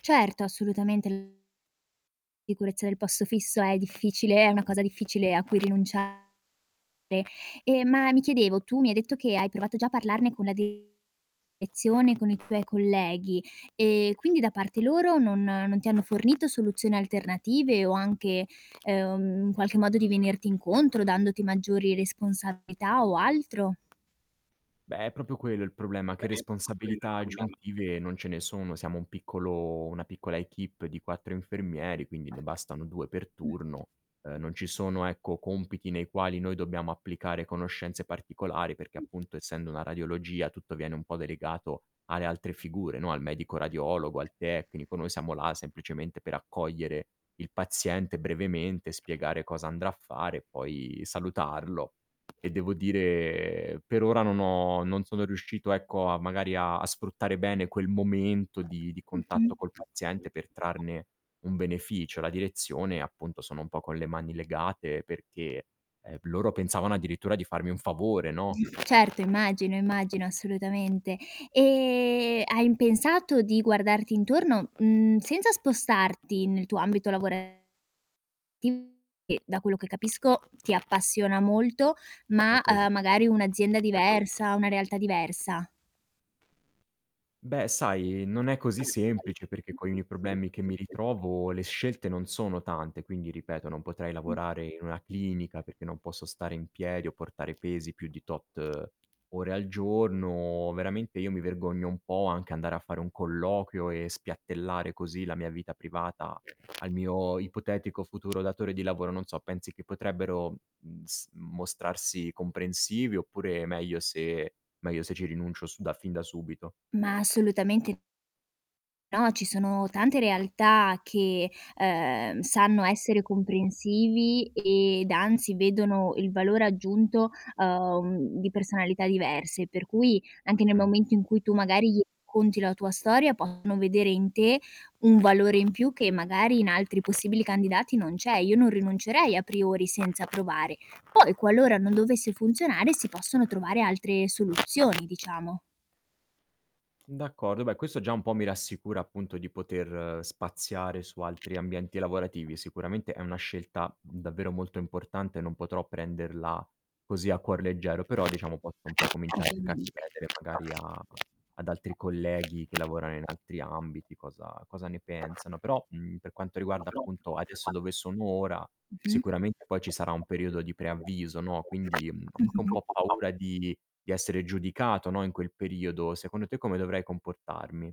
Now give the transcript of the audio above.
Certo, assolutamente l sicurezza del posto fisso è difficile, è una Mh. cosa difficile a cui rinunciare, ehm, ma mi chiedevo tu mi hai detto che hai provato già a parlarne con la direzione, con i tuoi colleghi, ehm, quindi da parte loro non non ti hanno fornito soluzioni alternative o anche, ehm, in qualche modo di venirti incontro dandoti maggiori responsabilità o altro? Beh, è proprio quello il problema che responsabilità aggiuntive non ce ne sono, siamo un piccolo una piccola èquipe di 4 infermieri, quindi ne bastano 2 per Mh. turno. Ehm, non ci sono, ecco, compiti nei quali noi dobbiamo applicare conoscenze particolari perché appunto essendo una radiologia, tutto viene un po' delegato alle altre figure, no, al medico radiologo, al tecnico, noi siamo là semplicemente per accogliere il paziente brevemente, spiegare cosa andrà a fare e poi salutarlo. E devo dire, per ora non ho non sono riuscito, ecco, a magari a sfruttare bene quel momento di di Mh-mh. contatto col paziente per trarne un beneficio. La direzione, appunto, sono un po' con le mani legate perché, ehm, loro pensavano addirittura di farmi un favore, no. Certo, immagino, immagino, assolutamente. Ehm, hai pensato di guardarti intorno, mhmm, senza spostarti nel tuo ambito lavorativo, che da quello che capisco ti appassiona molto, È ma, così. ehm, magari un'azienda diversa, una realtà diversa? Beh, sai, non è così semplice perché coi miei problemi che mi ritrovo, le scelte non sono tante, quindi ripeto non potrei Mh. lavorare in una clinica, perché non posso stare in piedi o portare pesi più di tot ore al giorno. Veramente io mi vergogno un po' anche andare a fare un colloquio e spiattellare così la mia vita privata al mio ipotetico futuro datore di lavoro, non so pensi che potrebbero, mhmm, s mostrarsi comprensivi oppure meglio se meglio se ci rinuncio su da fin da subito? Ma assolutamente No, ci sono tante realtà che, ehm, sanno essere comprensivi ed anzi vedono il valore aggiunto, uhm, di personalità diverse, per cui anche nel Mh. momento in cui tu magari gli racconti la tua storia, possono vedere in te un valore in più che magari in altri possibili candidati non c'è. Io non rinuncerei a priori senza provare. Poi, qualora non dovesse funzionare, si possono trovare altre soluzioni, diciamo. D'accordo. Beh, questo già un po' mi rassicura appunto di poter spaziare su altri ambienti lavorativi. Sicuramente è una scelta, mhmm, davvero molto importante, non potrò prenderla così a cuor leggero, però diciamo posso un po' cominciare anche a Ovviamente. chiedere magari a ad altri colleghi che lavorano in altri ambiti cosa cosa ne pensano, però, mhmm, per quanto riguarda, appunto, adesso dove sono ora, Mh-mh. sicuramente poi ci sarà un periodo di preavviso, no, quindi, mhmm, ho anche un Mh-mh. po' paura di di essere giudicato, no, in quel periodo. Secondo te come dovrei comportarmi?